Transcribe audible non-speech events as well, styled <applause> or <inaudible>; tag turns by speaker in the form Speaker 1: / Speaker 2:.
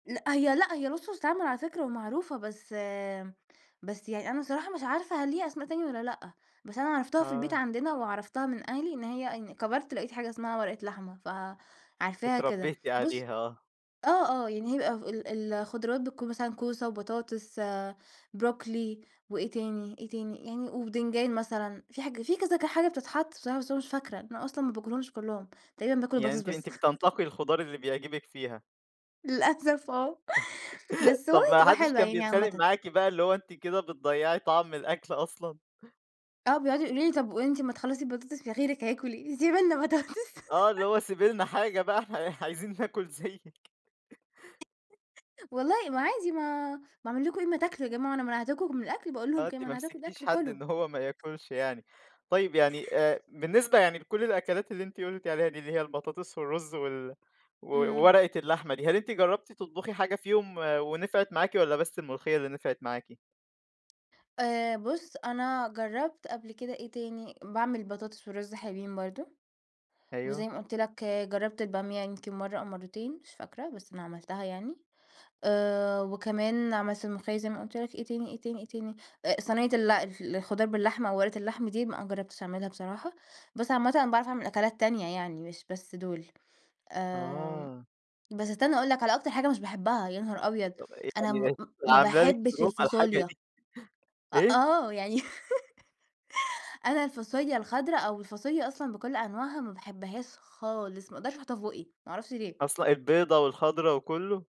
Speaker 1: لأ، هي لأ، هي وصفة تتعمل على فكرة ومعروفة، بس بس يعني أنا الصراحة مش عارفة هل ليها أسماء تانية والّا لأ، بس أنا عرفتها في البيت
Speaker 2: آه.
Speaker 1: عندنا وعرفتها من أهلي، إن هي إن كبرت لقيت حاجة اسمها ورقة لحمة، فعارفاها كده.
Speaker 2: اتربّيتِ
Speaker 1: بُص
Speaker 2: عليها آه.
Speaker 1: آه، آه. يعني هي ب ف ال ال الخضراوات بتكون مثلًا كوسة وبطاطس، بروكلي وإيه تاني، إيه تاني؟ يعني وبتنجان مثلًا، في حاجة في كذا ك حاجة بتتحط بصراحة بس أنا مش فاكرة. أنا أصلًا ما باكلهمش كُلّهم، تقريبًا باكل
Speaker 2: يعني
Speaker 1: البطاطس
Speaker 2: أنتِ
Speaker 1: بس.
Speaker 2: أنتِ بتنتقي الخضار اللي بيعجبك فيها.
Speaker 1: للأسف آه.
Speaker 2: <chuckles>
Speaker 1: بس هو
Speaker 2: طب
Speaker 1: ي
Speaker 2: ما
Speaker 1: بتبقى
Speaker 2: حدّش
Speaker 1: حلوة
Speaker 2: كان
Speaker 1: يعني
Speaker 2: بيتخانق
Speaker 1: عامةً.
Speaker 2: معاكِ بقى اللي هو أنتِ كده بتضيّعي طعم الأكل أصلًا؟
Speaker 1: آه. بيقعدوا يقولوا لي طب وأنتِ أمّا تخلّصي البطاطس في غيرِك هياكل إيه؟ سِيبي لنا بطاطس.
Speaker 2: آه. اللي
Speaker 1: <chuckles>
Speaker 2: هو سيبي لنا حاجة بقى إحنا عايزين ناكل زيِّك.
Speaker 1: والله ما عادي ما باعمِل لكم إيه؟ ما تاكلوا يا جماعة، أنا منعتكم من الأكل؟ باقول
Speaker 2: آه.
Speaker 1: لهم كده،
Speaker 2: أنتِ ما
Speaker 1: منعتكم من
Speaker 2: مسكتيش
Speaker 1: الأكل،
Speaker 2: حد
Speaker 1: كلوا.
Speaker 2: إن هو ما ياكلش يعني. طيب، يعني آآ بالنسبة يعني لكل الأكلات اللي أنتِ قُلتِ عليها دي، اللي هي البطاطس والرُز وال و
Speaker 1: إمم.
Speaker 2: وورقة اللحمة دي، هل أنتِ جرّبتي تطبُخي حاجة فيهم ونفعت معاكِ والّا بس الملوخية اللي نفعت معاكِ؟
Speaker 1: آآ بُص، أنا جرّبت قبل كده إيه تاني، باعمِل بطاطس والرُز حلوين برضه.
Speaker 2: أيوه.
Speaker 1: وزي ما قُلت لك جرّبت البامية يمكن مرّة أو مرّتين مش فاكرة، بس أنا عملتها يعني. آآ وكمان عملت الملوخية زي ما قُلت لك إيه تاني، إيه تاني، إيه تاني؟ آآ صنيّة ال الف الخضار باللحمة أو ورقة اللحمة دي ما جرّبتش أعملها بصراحة، بس عامةً أنا باعرف أعمل أكلات تانية يعني، مش بس دول. آمم
Speaker 2: آه.
Speaker 1: بس استنّى أقول لك على أكتر حاجة مش باحبها، يا نهار أبيض!
Speaker 2: طب إيه،
Speaker 1: أنا م
Speaker 2: يعني إيه؟
Speaker 1: م
Speaker 2: دي
Speaker 1: ما
Speaker 2: عاملة لِك
Speaker 1: باحبش
Speaker 2: <unintelligible> الحاجة
Speaker 1: الفاصوليا.
Speaker 2: دي.
Speaker 1: أ
Speaker 2: إيه؟
Speaker 1: آه. يعني <chuckles> أنا الفاصوليا الخضرا أو الفاصوليا أصلًا بكل أنواعها، ما باحبهاش خالص، ما أقدرش أحُطّها في بُقّي، ما أعرفش ليه!
Speaker 2: أصل البيضا والخضرا وكُلّه؟